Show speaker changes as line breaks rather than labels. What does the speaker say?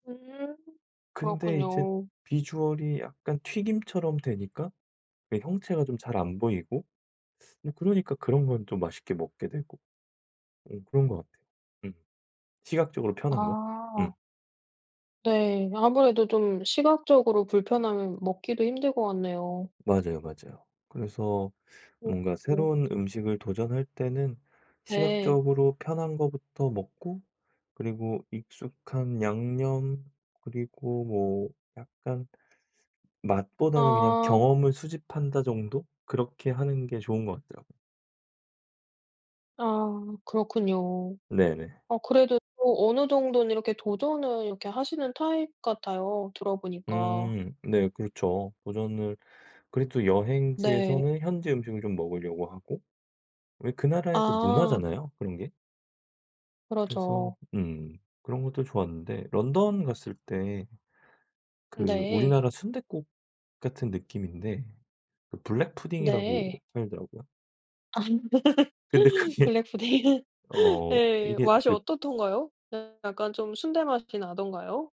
음
근데 이제
그렇군요.
비주얼이 약간 튀김처럼 되니까 그 형체가 좀 잘 안 보이고 뭐 그러니까 그런 건 좀 맛있게 먹게 되고. 어 그런 것 같 음. 시각적으로 편한 거 음.
아. 네 아무래도 좀 시각적으로 불편하면 먹기도 힘들 것 같네요.
맞아요, 맞아요. 그래서 뭔가
[unintelligible]
새로운 음식을 도전할 때는
네.
시각적으로 편한 것부터 먹고 그리고 익숙한 양념 그리고 뭐 약간 '맛보다는 그냥
어.
경험을 수집한다.' 정도 그렇게 하는 게 좋은 것 같더라고요.
아 그렇군요.
네네.
어 그래도 또 어느 정도는 이렇게 도전을 이렇게 하시는 타입 같아요 들어보니까.
음 네 그렇죠. 도전을 그리고 또
네.
여행지에서는 현지 음식을 좀 먹으려고 하고. 왜 그 나라의 또
아.
문화잖아요, 그런 게? 그래서
그러죠.
음 그런 것도 좋았는데 런던 갔을 때 그
네.
우리나라 순댓국 같은 느낌인데 그 블랙
네.
푸딩이라고 하더라고요.
아
근데 그게
블랙 푸딩.
어
예.
이게
맛이
그
어떻던가요? 약간 좀 순대 맛이 나던가요?